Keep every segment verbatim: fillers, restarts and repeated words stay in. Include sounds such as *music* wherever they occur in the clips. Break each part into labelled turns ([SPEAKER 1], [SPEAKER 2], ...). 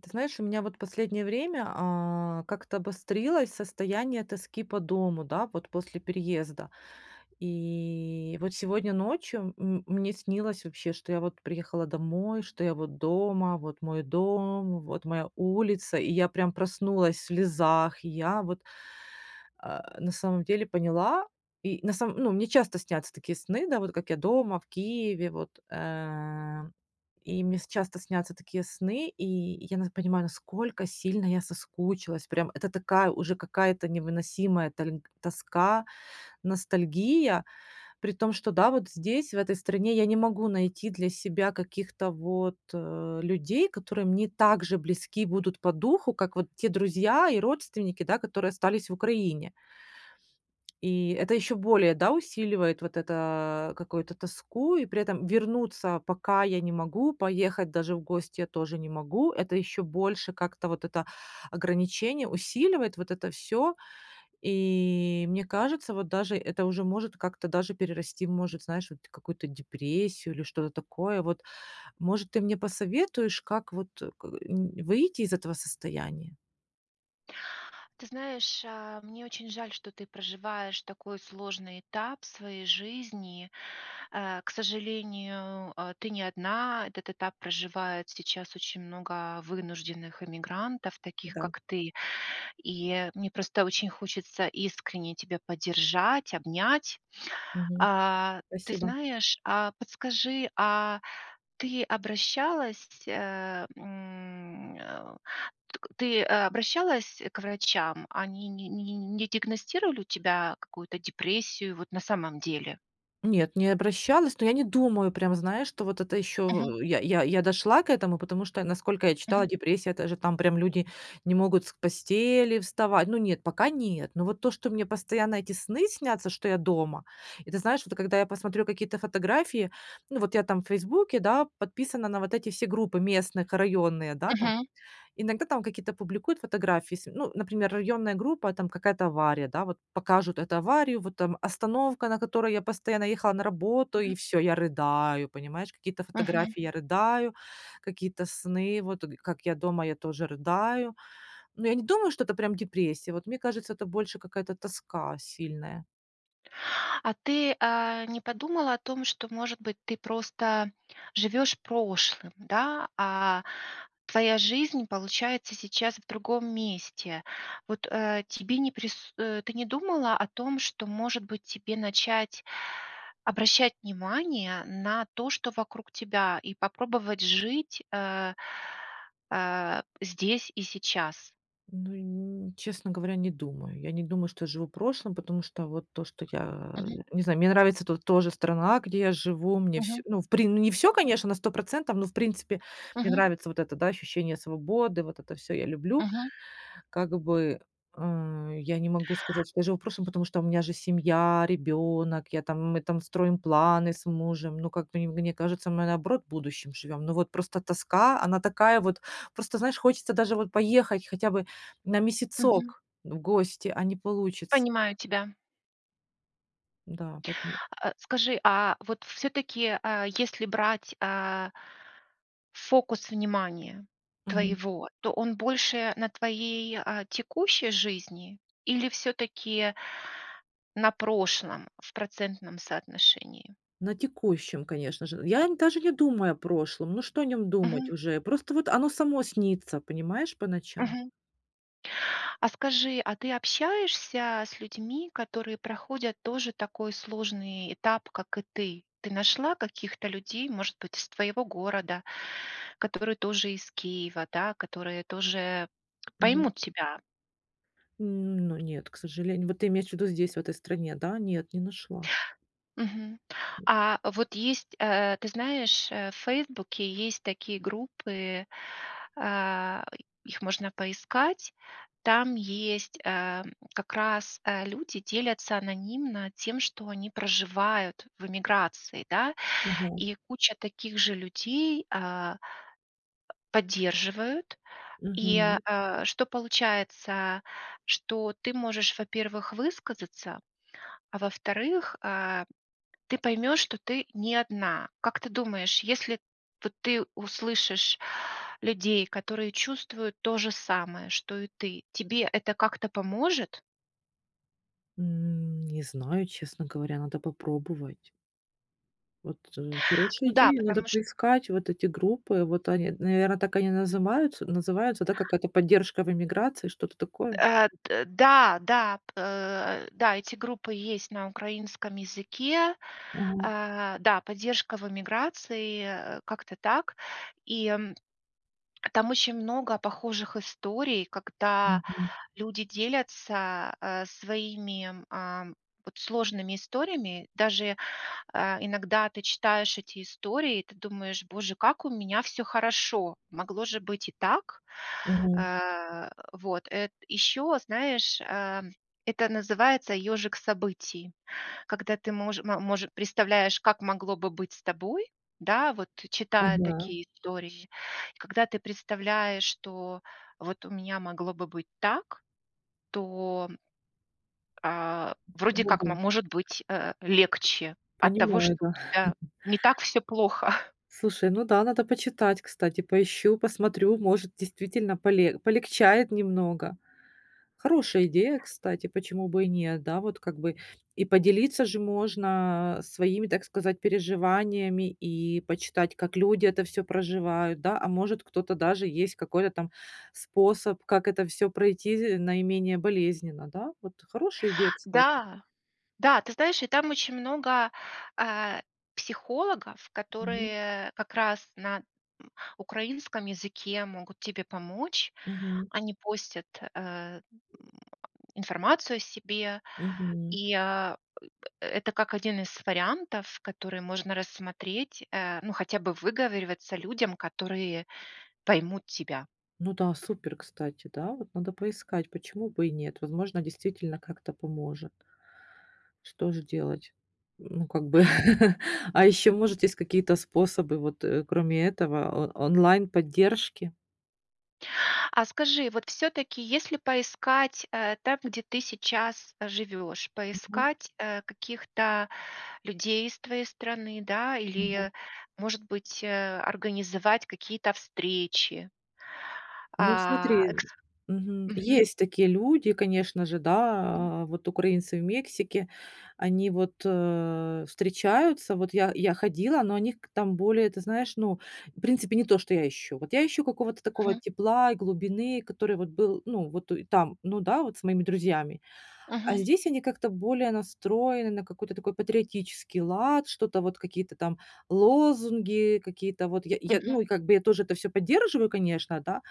[SPEAKER 1] Ты знаешь, у меня вот последнее время, а, как-то обострилось состояние тоски по дому, да, вот после переезда. И вот сегодня ночью, м мне снилось вообще, что я вот приехала домой, что я вот дома, вот мой дом, вот моя улица, и я прям проснулась в слезах. Я вот, э, на самом деле поняла, и на самом ну, мне часто снятся такие сны, да, вот как я дома, в Киеве, вот. Э, и мне с часто снятся такие сны, и я нас понимаю, насколько сильно я соскучилась прям, это такая уже какая-то невыносимая тольг тоска, ностальгия, при том, что да, вот, здесь, в этой стране я не могу найти для себя каких-то вот, э, людей, которые мне так же близки будут по духу, как вот те друзья и родственники, да, которые остались в Украине. И это ещё более, да, усиливает вот это, какую-то тоску, и при этом вернуться пока я не могу, поехать даже в гости я тоже не могу- это ещё больше как-то вот это ограничение усиливает, вот это всё. И, мне кажется, вот даже это уже может как-то даже перерасти в может, знаешь, вроде какую-то депрессию или что-то такое вот. Может, ты мне посоветуешь, как вот, э, к м, выйти из этого состояния?
[SPEAKER 2] Ты знаешь, э, мне очень жаль, что ты проживаешь такой сложный этап в своей жизни. Э, к сожалению, э, ты не одна. Этот этап проживает сейчас очень много вынужденных иммигрантов, таких
[SPEAKER 1] Да.
[SPEAKER 2] как ты. И мне просто очень хочется искренне тебя поддержать, обнять.
[SPEAKER 1] Мгм.
[SPEAKER 2] А, ты
[SPEAKER 1] Спасибо.
[SPEAKER 2] знаешь, а подскажи, а ты обращалась, э, м, э, т ты обращалась к врачам? Они не не не не диагностировали у тебя какую-то депрессию вот на самом деле?
[SPEAKER 1] Нет, не обращалась, но я не думаю прям, знаешь, что вот это ещё
[SPEAKER 2] Мгм.
[SPEAKER 1] в я я я дошла к этому, потому что, насколько я
[SPEAKER 2] Мгм.
[SPEAKER 1] читала, депрессия- это же там прям люди не могут с постели вставать. Ну, нет, пока нет, но вот то, что мне постоянно эти сны снятся, что я дома. И ты знаешь, вот когда я посмотрю какие-то фотографии- ну, вот я там в "Фейсбуке", да, подписана на вот эти все группы местных, районные, да, там.
[SPEAKER 2] Мгм.
[SPEAKER 1] Иногда там какие-то публикуют фотографии. Ес ну, например, районная группа, там какая-то авария, да, вот покажут эту аварию, вот там остановка, на которой я постоянно ехала на работу-
[SPEAKER 2] Мгм.
[SPEAKER 1] и всё, я рыдаю, понимаешь? Какие-то
[SPEAKER 2] Мгм.
[SPEAKER 1] фотографии- я рыдаю, какие-то сны, вот г как я дома- я тоже рыдаю. Но я не думаю, что это прям депрессия, вот мне кажется, это больше какая-то тоска сильная.
[SPEAKER 2] А ты, а, не подумала о том, что, может быть, ты просто живешь прошлым, да, а твоя жизнь, получается, сейчас в другом месте? Вот, э, тебе не прис э, ты не думала о том, что, может быть, тебе начать обращать внимание на то, что вокруг тебя, и попробовать жить, э, э, здесь и сейчас?
[SPEAKER 1] Ну и ни честно говоря, не думаю. Я не думаю, что я живу прошлым, потому что вот то, что я,
[SPEAKER 2] Мгм.
[SPEAKER 1] не знаю, мне нравится тут тоже страна, где я живу, мне
[SPEAKER 2] Мгм.
[SPEAKER 1] вс ну, в прин ну, не всё,
[SPEAKER 2] Мгм.
[SPEAKER 1] конечно, на сто процентов, но, в принципе, мне
[SPEAKER 2] Мгм.
[SPEAKER 1] нравится вот это, да, ощущение свободы, вот это всё я люблю.
[SPEAKER 2] Мгм.
[SPEAKER 1] Как бы, ам, я не могу сказать, что я живу прошлым, потому что у меня же семья, ребёнок, я там, мы там строим планы с мужем, ну, как бы, не мне кажется, мы, наоборот, будущим живём. Но вот просто тоска, она такая вот, просто, знаешь, хочется даже вот поехать хотя бы на
[SPEAKER 2] Мгм.
[SPEAKER 1] месяцок в гости, а не получится.
[SPEAKER 2] Понимаю тебя.
[SPEAKER 1] Да, поэтому
[SPEAKER 2] А, скажи, а, вот всё-таки, а, если брать, а фокус внимания
[SPEAKER 1] Мгм.
[SPEAKER 2] твоего, то он больше на твоей, а, текущей жизни или всё-таки на прошлом в процентном соотношении?
[SPEAKER 1] На текущем, конечно же, я н даже не думаю о прошлом. Ну, что о нём думать
[SPEAKER 2] Мгм.
[SPEAKER 1] уже, просто вот оно само снится, понимаешь, по ночам.
[SPEAKER 2] Мгм. А скажи, а ты общаешься с людьми, которые проходят тоже такой сложный этап, как и ты? Ты нашла каких-то людей, может быть, из твоего города, которые тоже из Киева, да, которые тоже
[SPEAKER 1] Мгм.
[SPEAKER 2] поймут тебя?
[SPEAKER 1] М, ну, нет, к сожалению. Вот ты имеешь в виду здесь, в этой стране, да? Нет, не нашла.
[SPEAKER 2] Мгм. А вот есть, э, ты знаешь, э, в "Фейсбуке" есть такие группы,- а, их можно поискать,- там есть, э, как раз, э, люди делятся анонимно тем, что они проживают в эмиграции, да.
[SPEAKER 1] Ага.
[SPEAKER 2] И куча таких же людей, а, поддерживают. И,
[SPEAKER 1] Мгм.
[SPEAKER 2] а, что получается? Что ты можешь, во-первых, высказаться, а во-вторых, а, ты поймешь, что ты не одна. Как ты думаешь, если вот ты услышишь людей, которые чувствуют то же самое, что и ты, тебе это как-то поможет?
[SPEAKER 1] М, не знаю, честно говоря, надо попробовать. Вот, э, хорошая
[SPEAKER 2] Ну да,
[SPEAKER 1] идея, надо
[SPEAKER 2] потому ч
[SPEAKER 1] поискать вот эти группы. Вот, они, наверное, так они назымаются называются, да, какая-то "Поддержка в эмиграции", что-то такое?
[SPEAKER 2] Э, д да, да. Э, да, эти группы есть на украинском языке.
[SPEAKER 1] Мгм.
[SPEAKER 2] Э, да, "Поддержка в эмиграции", э, как-то так. И там очень много похожих историй, когда
[SPEAKER 1] Мгм.
[SPEAKER 2] люди делятся, э, своими, эм, вот сложными историями. Даже, э, иногда ты читаешь эти истории, и ты думаешь: "Боже, как у меня всё хорошо! Могло же быть и так!"
[SPEAKER 1] Мгм.
[SPEAKER 2] Э, вот, э ещё, знаешь, эм, это называется "ёжик событий", когда ты мож ма может представляешь, как могло бы быть с тобой, да, вот, читая
[SPEAKER 1] Ага.
[SPEAKER 2] такие истории. И когда ты представляешь, что "вот у меня могло бы быть так", то, а, вроде
[SPEAKER 1] Ну
[SPEAKER 2] как
[SPEAKER 1] да.
[SPEAKER 2] мо может быть, э, легче от того,
[SPEAKER 1] Понимаю,
[SPEAKER 2] что у
[SPEAKER 1] да.
[SPEAKER 2] тебя
[SPEAKER 1] *chuckles*
[SPEAKER 2] не так всё плохо. *chuckles*
[SPEAKER 1] Слушай, ну да, надо почитать, кстати, поищу, посмотрю, может, действительно, поле полегчает немного. Хорошая идея, кстати, почему бы и нет, да, вот, как бы. И поделиться же можно своими, так сказать, переживаниями и почитать, как люди это всё проживают, да. А, может, кто-то даже есть какой-то там способ, как это всё пройти з наименее болезненно, да. Вот, хорошая идея, кстати.
[SPEAKER 2] Да. Да, ты знаешь, и там очень много, э, психологов,
[SPEAKER 1] Мгм.
[SPEAKER 2] которые как раз на, м, украинском языке могут тебе помочь.
[SPEAKER 1] Мгм.
[SPEAKER 2] Они постят, э, м, э, информацию о себе.
[SPEAKER 1] Мгм.
[SPEAKER 2] И э э это как один из вариантов, которые можно рассмотреть, э, ну, хотя бы выговариваться людям, которые поймут тебя.
[SPEAKER 1] Ну да, супер, кстати, да, вот, надо поискать, почему бы и нет, возможно, действительно, как-то поможет. Что же делать? Ну, как бы. *chuckles* А ещё, может, есть какие-то способы, вот, э, кроме этого, он онлайн-поддержки?
[SPEAKER 2] А скажи, вот всё-таки, если поискать,- э, там, где ты сейчас живешь,-
[SPEAKER 1] Мгм.
[SPEAKER 2] поискать, э, каких-то людей из твоей страны, да,
[SPEAKER 1] Мгм.
[SPEAKER 2] или, может быть, э, организовать какие-то встречи.
[SPEAKER 1] Ну
[SPEAKER 2] А,
[SPEAKER 1] смотри,
[SPEAKER 2] эксп
[SPEAKER 1] мгм,
[SPEAKER 2] Мгм.
[SPEAKER 1] есть такие люди, конечно же,
[SPEAKER 2] Мгм.
[SPEAKER 1] да, э, вот украинцы в Мексике, они вот, э, встречаются, вот я я ходила, но они к там более, ты знаешь, ну, в принципе, не то, что я ищу. Вот я ищу какого-то такого
[SPEAKER 2] Мгм.
[SPEAKER 1] тепла и глубины, который вот был, ну вот и там, ну да, вот с моими друзьями. А
[SPEAKER 2] Мгм.
[SPEAKER 1] здесь они как-то более настроены на какой-то такой патриотический лад, что-то вот, какие-то там лозунги, какие-то вот я я,
[SPEAKER 2] Мгм.
[SPEAKER 1] ну и как бы я тоже это всё поддерживаю, конечно, да,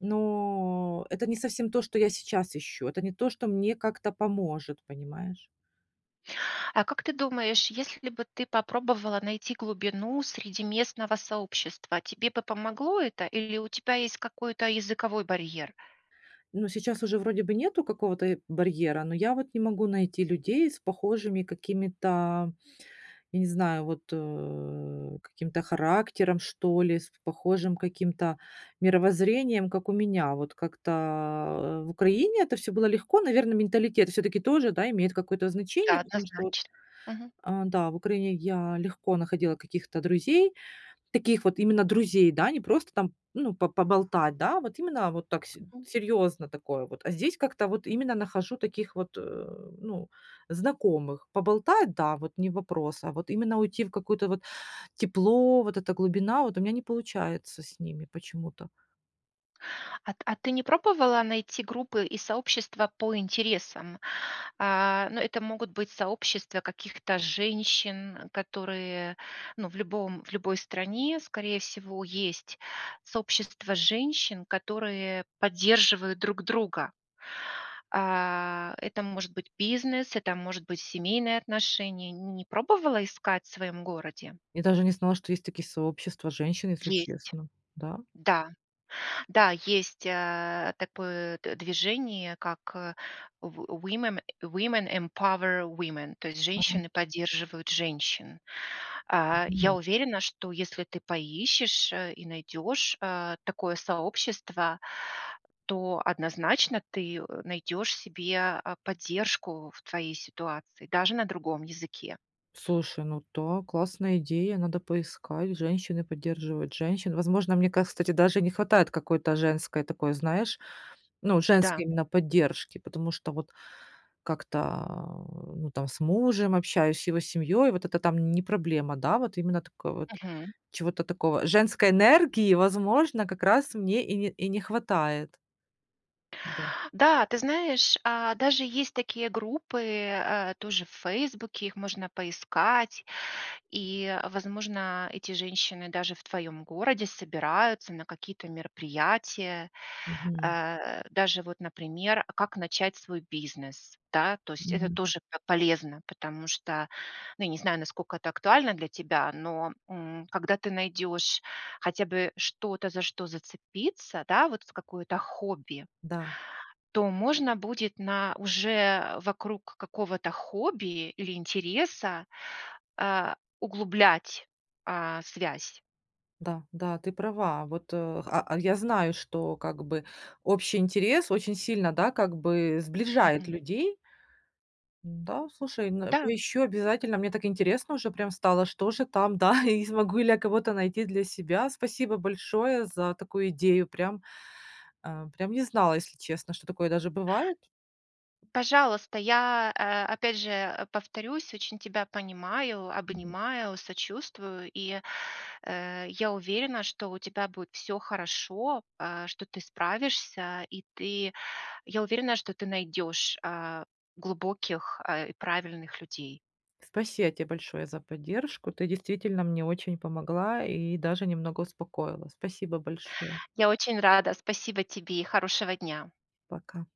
[SPEAKER 1] но это не совсем то, что я сейчас ищу, это не то, что мне как-то поможет, понимаешь.
[SPEAKER 2] А, как ты думаешь, если бы ты попробовала найти глубину среди местного сообщества, тебе бы помогло это или у тебя есть какой-то языковой барьер?
[SPEAKER 1] Ну, сейчас уже вроде бы нету какого-то, э, барьера, но я вот не могу найти людей с похожими какими-то, я не знаю, вот, э, каким-то характером, что ли, с похожим каким-то мировоззрением, как у меня. Вот как-то в Украине это всё было легко. Наверное, менталитет всё-таки тоже, да, имеет какое-то
[SPEAKER 2] Да,
[SPEAKER 1] значение, потому вот что
[SPEAKER 2] однозначно. Мгм.
[SPEAKER 1] А, да, в Украине я легко находила каких-то друзей- таких вот именно друзей, да, не просто там, ну, по поболтать, да, вот именно вот так, с
[SPEAKER 2] Мгм.
[SPEAKER 1] серьёзно такое вот. А здесь как-то вот именно нахожу таких вот, э, ну, знакомых. Поболтать, да, вот не вопрос, а вот именно уйти в какое-то вот тепло, вот эта глубина- вот у меня не получается с ними почему-то.
[SPEAKER 2] А т а ты не пробовала найти группы и сообщества по интересам? А, ну, это могут быть сообщества каких-то женщин, которые, ну, в любом в любой стране, скорее всего, есть сообщества женщин, которые поддерживают друг друга. А, это может быть бизнес, это может быть семейные отношения. Не не пробовала искать в своем городе?
[SPEAKER 1] Я даже не знала, что есть такие сообщества женщин, если
[SPEAKER 2] Есть.
[SPEAKER 1] честно. Да?
[SPEAKER 2] Да. Да, есть, э, такое д движение, как, э, в Wo womem Women Empower Women, то есть "Женщины поддерживают женщин". А, я
[SPEAKER 1] Почему?
[SPEAKER 2] уверена, что если ты поищешь, э, и найдешь, а, такое сообщество, то однозначно ты, э, найдешь себе, а, поддержку в твоей ситуации, даже на другом языке.
[SPEAKER 1] Слушай, ну да, классная идея, надо поискать: "Женщины поддерживают женщин". Возможно, мне, ка кстати, даже не хватает какой-то женской такой, знаешь, ну, женской
[SPEAKER 2] Да.
[SPEAKER 1] именно поддержки, потому что вот как-то, э, ну, там с мужем общаюсь, с его семьей, вот это там не проблема. Да, вот именно такой вот,
[SPEAKER 2] Мгм.
[SPEAKER 1] чего-то такого, женской энергии, возможно, как раз мне и не и не хватает. Да.
[SPEAKER 2] Да, ты знаешь, а, даже есть такие группы, а, тоже в "Фейсбуке", их можно поискать. И, возможно, эти женщины даже в твоем городе собираются на какие-то мероприятия.
[SPEAKER 1] Мгм.
[SPEAKER 2] А, даже вот, например "А как начать свой бизнес?" Да, то есть это
[SPEAKER 1] Мгм.
[SPEAKER 2] тоже по полезно, потому что, ну, я не знаю, насколько это актуально для тебя, но, м, когда ты найдешь хотя бы что-то, за что зацепиться, да, вот, в какое-то хобби
[SPEAKER 1] Да.
[SPEAKER 2] то можно будет на уже, а, вокруг какого-то хобби или интереса, а, углублять, а, связь.
[SPEAKER 1] Да, да, ты права. Вот, э, ха а, я знаю, что как бы общий интерес очень сильно, да, как бы сближает
[SPEAKER 2] Мгм.
[SPEAKER 1] людей. Н-да, слушай, н
[SPEAKER 2] Да.
[SPEAKER 1] поищу обязательно, мне так интересно уже прям стало, что же там, да, и смогу ли я кого-то найти для себя. Спасибо большое за такую идею. Прям, а, прям не знала, если честно, что такое даже бывает.
[SPEAKER 2] Пожалуйста. Я, а, опять же, а, повторюсь, очень тебя понимаю,
[SPEAKER 1] Мгм.
[SPEAKER 2] обнимаю, сочувствую. И, э, я уверена, что у тебя будет всё хорошо, а, что ты справишься, и ты я уверена, что ты найдешь, а, глубоких, а, и правильных людей.
[SPEAKER 1] спасиа те большое за поддержку, ты действительно мне очень помогла и даже немного успокоила. Спасибо большое.
[SPEAKER 2] Я очень рада. Спасибо тебе и хорошего дня!
[SPEAKER 1] Пока.